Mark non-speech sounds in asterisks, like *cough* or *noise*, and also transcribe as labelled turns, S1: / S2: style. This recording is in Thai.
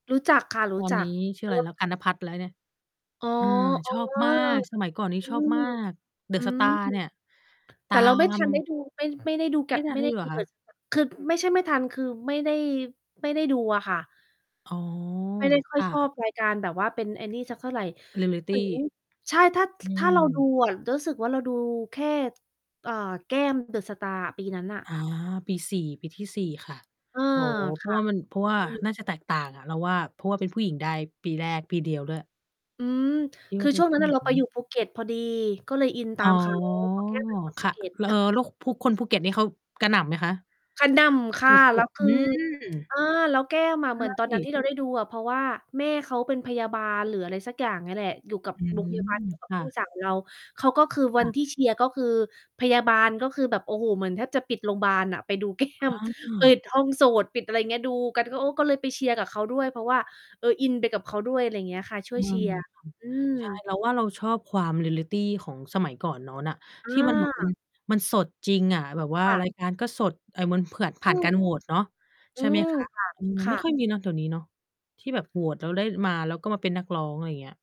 S1: รู้จัก ค่ะ ร
S2: ต
S1: ู
S2: อ
S1: ้
S2: น
S1: จ
S2: น
S1: ั
S2: ี
S1: ก
S2: ้ ชื่อไรแล้
S1: *unintelligible*
S2: ว กัน นภัทร แล้วเนี่ย
S1: อ๋อ
S2: เออ
S1: เอ
S2: ช
S1: อ
S2: อบมาก สมัยก่อนนี้
S1: อื
S2: ชอบ ม
S1: อ
S2: าก
S1: อื
S2: The
S1: ม
S2: Star เนี่ย ต
S1: แต่
S2: า
S1: เราไม่ ทันได้
S2: ม
S1: ดู ไม่ ไม่ได้ดูแก
S2: ไม
S1: ็
S2: ่
S1: ด
S2: ทั
S1: ไ
S2: น
S1: ม่
S2: ได้
S1: ได้
S2: ดูเ
S1: ด
S2: หร
S1: ู
S2: อค
S1: The
S2: ะ?
S1: Star คือ ไม่ใช่ไม่ทัน คือไม่ได้ ไม่ได้ดูอะค่ะ
S2: อ๋อ
S1: ไม่ได้ค่
S2: ค
S1: อย
S2: ่
S1: ชอบ
S2: ะ
S1: ราย การแบบว่าเป็น ไอ้นี่สักเท่าไร เหมือน
S2: Reality
S1: ใช่ ถ้า
S2: อื
S1: ถ้าเราดู
S2: ม
S1: อะ รู้สึกว่า เราดูแค่ เอ่อ แก้ม The Star อะ ปีนั้นน่ะ
S2: อา ปี 4 ปีที่ 4 ค่ะ
S1: เออ
S2: โอ้ เพ
S1: ค
S2: ราะ
S1: ่
S2: ว
S1: ะ
S2: ่ามัน เพราะว่า
S1: อืม
S2: น่าจะแตกต่างอะ เราว่า เพราะว่าเป็นผู้หญิงได้ปีแรก ปีเดียวด้วย
S1: อืม
S2: ที่
S1: ค
S2: ว่า
S1: ือ
S2: ได้
S1: ช่วง
S2: ผ
S1: นั
S2: ู
S1: ้
S2: ้
S1: นน
S2: ห
S1: ่ะ เรา
S2: ญิ
S1: ไปอ
S2: ง
S1: ยู่ภูเก็ต พอดี ก็เลยอินต
S2: อ๋
S1: า
S2: อ
S1: ม เขา เพราะแก้มเป็นคน
S2: ค
S1: ภู
S2: ่ะ
S1: เก็ต
S2: แล้ว เอ่อ
S1: *chuckles*
S2: แล้วภู คนภูเก็ตนี่เขากระหน่ำไหมคะ?
S1: กระหน่ำค
S2: ส
S1: ่ะ แ
S2: ุ
S1: ล้
S2: ด
S1: ว ค
S2: ๆ อื
S1: ือ
S2: ม
S1: อา แล้วแก้มอะ
S2: ใช
S1: เหมือนตอนนั้น
S2: ่
S1: ที่เราได้ดูอะ เพราะว่า แม่เขาเป็นพยาบาลหรืออะไรสักอย่างเนี่ยแหละ อยู่กับ
S2: อื
S1: โร
S2: ม
S1: งพยาบาลเดียวกับ
S2: ค่
S1: พี่
S2: ะ
S1: สาว เรา เขาก็คือ ว
S2: ค
S1: ั
S2: ่
S1: น
S2: ะ
S1: ที่เชียร์ก็คือ พยาบาลก็คือแบบ โอ้โฮ เหมือนแทบจะปิดโรงบาลน่ะ ไปดู แก้
S2: อ
S1: ม
S2: ๋
S1: ปิ
S2: อ
S1: ดห้องโสต ปิดอะไรเงี้ย ดูกัน ก็ โอ้ ก็เลยไปเชียร์กับเขาด้วย เพราะว่า เออ อินไปกับเขาด้วย อะไรเงี้ยค่ะ ช่
S2: อ
S1: ว
S2: ื
S1: ย เช
S2: ม
S1: ียร์ อื
S2: ใช่
S1: ม
S2: เราว่าเราชอบความ Reality ของสมัยก่อนโน้นน่ะ
S1: อ
S2: ที่ มันแบบมัน
S1: า
S2: มันสดจริงอะ แบบว่า
S1: ค่ะ
S2: ราย การก็สด เอ่อ มันเผือด ผ
S1: อ
S2: ่
S1: ื
S2: านก
S1: ม
S2: ารโหวตเนาะ
S1: อ
S2: ใ
S1: ื
S2: ช่ ไหม
S1: ม
S2: คะ?
S1: ค่ะ
S2: อืม
S1: ค
S2: ไ
S1: ่
S2: ม่
S1: ะ
S2: ค่อย มีเนาะ เดี๋ยวนี้เนาะ ที่แบบโหวตแล้วได้มา แล้วก็มาเป็นนักร้อง อะไรเงี้ย